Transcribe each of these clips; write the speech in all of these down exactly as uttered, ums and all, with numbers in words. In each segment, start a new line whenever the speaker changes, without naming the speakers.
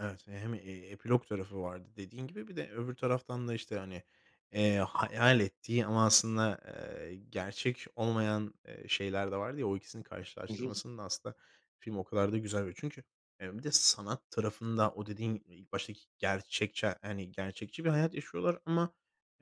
Evet, hem, eee, epilog tarafı vardı dediğin gibi bir de öbür taraftan da, işte, hani, eee, hayal ettiği ama aslında, eee, gerçek olmayan, eee, şeyler de vardı ya o ikisinin
Hı hı.
karşılaştırmasında aslında film o kadar da güzel. [unintelligible] Çünkü, eee, bir de sanat tarafında o dediğin ilk baştaki gerçekçi, hani, gerçekçi bir hayat yaşıyorlar, ama,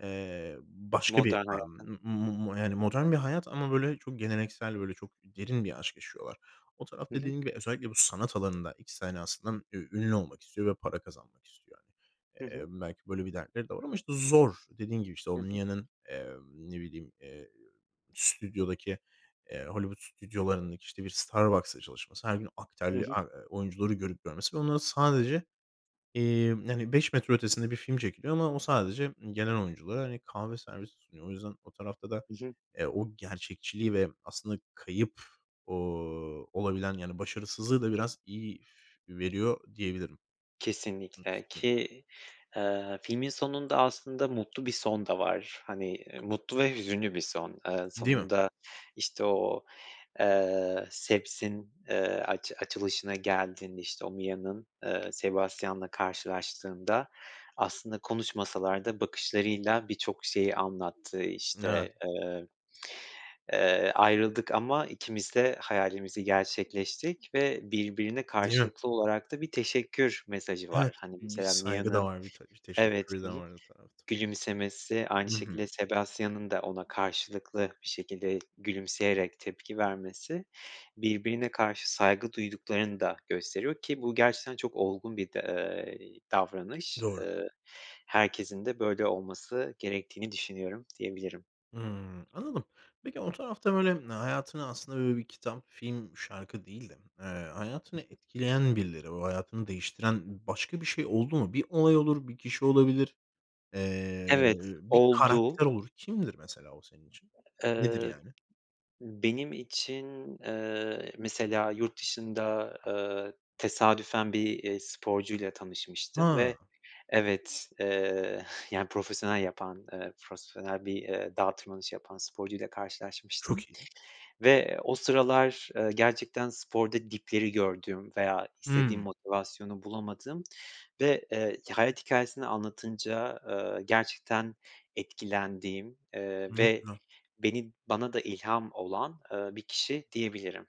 eee, başka bir
Modern
a
hayatta.
m m yani modern bir hayat ama, böyle, çok geleneksel, böyle, çok derin bir aşk yaşıyorlar. O taraf
Hı hı.
dediğin gibi özellikle bu sanat alanında ikisi aynı aslında ü ünlü olmak istiyor ve para kazanmak istiyor, hani.
Hı
Eee,
hı.
belki böyle bir dertleri de var ama işte zor. Dediğim gibi işte o
Hı hı.
Mia'ın, eee, ne bileyim, eee, stüdyodaki, eee, Hollywood stüdyolarındaki, işte, bir Starbucks'da çalışması
Hı hı.
[unintelligible] oyuncuları görüp görmesi ve onlar sadece, eee, hani, beş metre ötesinde bir film çekiliyor ama o sadece m gelen oyunculara, hani, kahve servisi sunuyor. O yüzden o tarafta da,
Hı hı.
eee, o gerçekçiliği ve aslında kayıp, ooo, olabilen yani başarısızlığı da biraz iyi veriyor diyebilirim. Nasıl
Kesinlikle,
diyeyim?
ki, eee, filmin sonunda aslında mutlu bir son da var, hani, eee, mutlu ve hüzünlü bir son. Eee,
Değil mi?
sonunda işte o, eee, Seb's'in, eee, aç açılışına geldiğinde işte o Mia'nın, eee, Sebastian'la karşılaştığında aslında konuşmasalar da bakışlarıyla birçok şeyi anlattığı,
Evet.
işte, eee, eee, ayrıldık ama ikimiz de hayalimizi gerçekleştik ve birbirine
Değil mi?
karşılıklı olarak da bir teşekkür mesajı
Evet,
var, hani,
b bir
mesela
saygı da
Mia'nın
var, bir te
evet,
teşekkürü
hı
de
hı
var o tarafta.
gülümsemesi aynı
Hı hı.
şekilde Sebastian'ın da ona karşılıklı bir şekilde gülümseyerek tepki vermesi birbirine karşı saygı duyduklarını da gösteriyor ki bu gerçekten çok olgun bir de, eee, davranış.
Doğru.
Iıı, herkesin de böyle olması gerektiğini düşünüyorum diyebilirim.
Hımm, anladım. Peki o tarafta böyle hayatını aslında böyle bir kitap, film, şarkı değil de, eee, hayatını etkileyen birileri, o hayatını değiştiren başka bir şey oldu mu? Bir olay olur, bir kişi olabilir, eee,
Evet
bir
oldu.
karakter olur. Kimdir mesela o senin için? Nedir
Eee,
yani?
benim için, eee, mesela yurt dışında, eee, tesadüfen bir, eee, sporcuyla tanışmıştım ve
Ha.
evet, eee, yani profesyonel yapan, eee, frosfonel bir, eee, dağ tırmanışı yapan sporcuyla karşılaşmıştım
Çok iyi.
ve o sıralar, eee, gerçekten sporda dipleri gördüğüm veya istediğim
Hıı.
motivasyonu bulamadığım ve, eee, hayat hikayesini anlatınca, eee, gerçekten etkilendiğim, eee,
Ne
ve
güzel.
beni bana da ilham olan, eee, bir kişi diyebilirim.